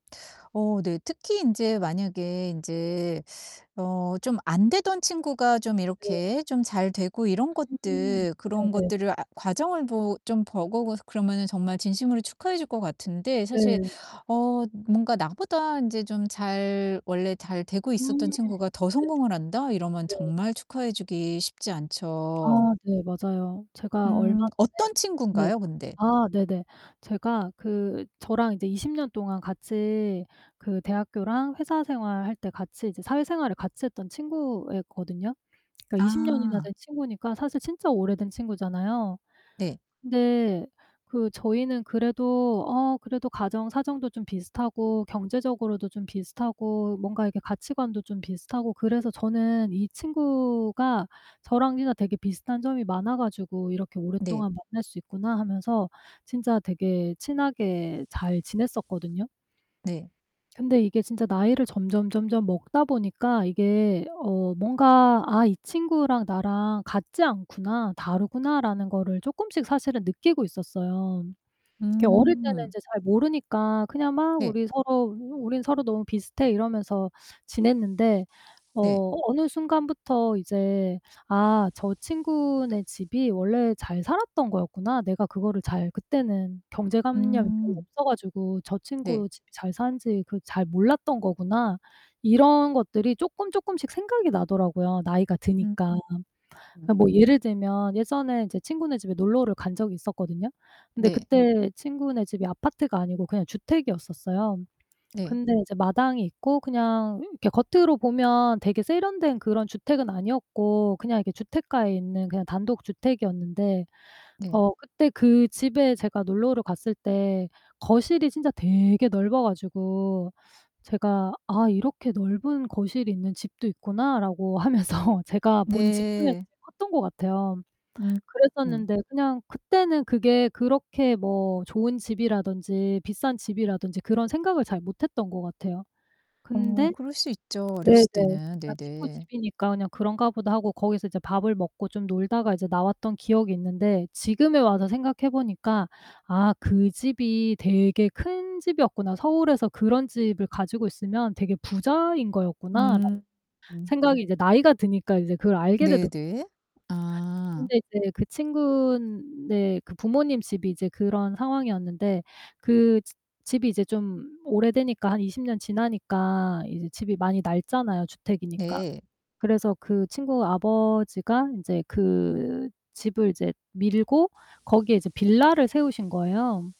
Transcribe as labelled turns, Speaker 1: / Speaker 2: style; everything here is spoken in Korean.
Speaker 1: 어 네. 특히 인제 만약에 인제 어 좀 안 되던 친구가 좀
Speaker 2: 네.
Speaker 1: 이렇게 좀 잘 되고 이런
Speaker 2: 음.
Speaker 1: 것들
Speaker 2: 네
Speaker 1: 그런
Speaker 2: 네.
Speaker 1: 것들을 아 과정을 보 좀 보고 고 그러면은 정말 진심으로 축하해 줄 것 같은데 사실
Speaker 2: 네.
Speaker 1: 어 뭔가 '나보다 인제 좀 잘 원래 잘 되고
Speaker 2: 음. 네.
Speaker 1: 있었던 친구가 더 성공을 한다?' 이러면
Speaker 2: 네.
Speaker 1: 정말 축하해 주기 쉽지
Speaker 2: 아
Speaker 1: 않죠.
Speaker 2: 네. 맞아요. 제가 얼마
Speaker 1: 음
Speaker 2: 전에
Speaker 1: 어떤
Speaker 2: 누랬
Speaker 1: 친군가요 근데?
Speaker 2: 아 네네. 제가 그 저랑 이제 20 년 동안 같이 그 대학교랑 회사 생활할 때 같이 이제 사회생활을 같이 했던 친구였거든요. 그러니까 20 년이나
Speaker 1: 아.
Speaker 2: 된 친구니까 사실 진짜 오래된 친구잖아요.
Speaker 1: 네.
Speaker 2: 근데 그 저희는 그래도 어 그래도 가정 사정도 좀 비슷하고 경제적으로도 좀 비슷하고 뭔가 이렇게 가치관도 좀 비슷하고 그래서 저는 이 친구가 저랑 진짜 되게 비슷한 점이 많아 가지고 '이렇게
Speaker 1: 네.
Speaker 2: 오랫동안 만날 수 있구나.' 하면서 진짜 되게 친하게 잘 지냈었거든요.
Speaker 1: 네.
Speaker 2: 근데 이게 진짜 나이를 점점점점 먹다 보니까 이게 어 뭔가 '아 이 친구랑 나랑 같지 않구나. 다르구나.'라는 거를 쪼끔씩 사실은 느끼고 있었어요. 그게 어릴 때는
Speaker 1: 음.
Speaker 2: 인제 잘 모르니까 그냥 막
Speaker 1: 네.
Speaker 2: "우리 서로 우린 서로 너무 비슷해." 이러면서 지냈는데
Speaker 1: 네.
Speaker 2: 어 어느 순간부터 이제 '아 저 친구네 집이 원래 잘 살았던 거였구나. 내가 그거를 잘 그때는 경제관념이 별로
Speaker 1: 음.
Speaker 2: 없어 가지고 저
Speaker 1: 네.
Speaker 2: 친구 집이 잘 사는지 그걸 잘 몰랐던 거구나.' 이런 것들이 쪼끔, 쪼끔씩 생각이 나더라고요 나이가
Speaker 1: 음.
Speaker 2: 드니까. 그
Speaker 1: 음.
Speaker 2: 뭐 예를 들면 예전에 인제 친구네 집에 놀러를 간 적이 있었거든요. 근데
Speaker 1: 네.
Speaker 2: 그떄 친구네 집이 아파트가 아니고 그냥 주택이었었어요.
Speaker 1: 네.
Speaker 2: 근데 이제 마당이 있고 그냥 이렇게 겉으로 보면 되게 세련된 그런 주택은 아니었고 그냥 이렇게 주택가에 있는 그냥 단독 주택이었는데
Speaker 1: 네.
Speaker 2: 어 그때 그 집에 제가 놀러를 갔을 때 거실이 진짜 되게 넓어 가지고 제가 '아 이렇게 넓은 거실이 있는 집도 있구나.'라고 하면서 제가 본 집 중에서
Speaker 1: 네.
Speaker 2: [unintelligible] 컸던 것 같아요.
Speaker 1: 음 음.
Speaker 2: 그랬었는데 그냥 그때는 그게 그렇게 뭐 좋은 집이라든지 비싼 집이라든지 그런 생각을 잘 못 했던 것 같아요.
Speaker 1: 어
Speaker 2: 근데
Speaker 1: 그럴 수 있죠
Speaker 2: 네네
Speaker 1: 어렸을 때는.
Speaker 2: 그냥 친구
Speaker 1: 네네.
Speaker 2: 집이니까 그냥 '그런가 보다.' 하고 거기서 이제 밥을 먹고 좀 놀다가 이제 나왔던 기억이 있는데 지금에 와서 생각해 보니까 '아 그 집이 되게 큰 집이었구나. 서울에서 그런 집을 가지고 있으면 되게 부자인 거였구나.'라는
Speaker 1: 음 음.
Speaker 2: 생각이 이제 나이가 드니까 이제 그걸 알게 되더
Speaker 1: 네 네. 아.
Speaker 2: 근데 이제 그 친구네 그 부모님 집이 이제 그런 상황이었는데 그 즈 집이 이제 좀 오래되니까 한 20 년 지나니까 이제 집이 많이 낡잖아요 주택이니까.
Speaker 1: 네.
Speaker 2: 그래서 그 친구 아버지가 인제 그 집을 이제 밀고 거기에 이제 빌라를 세우신 거예요.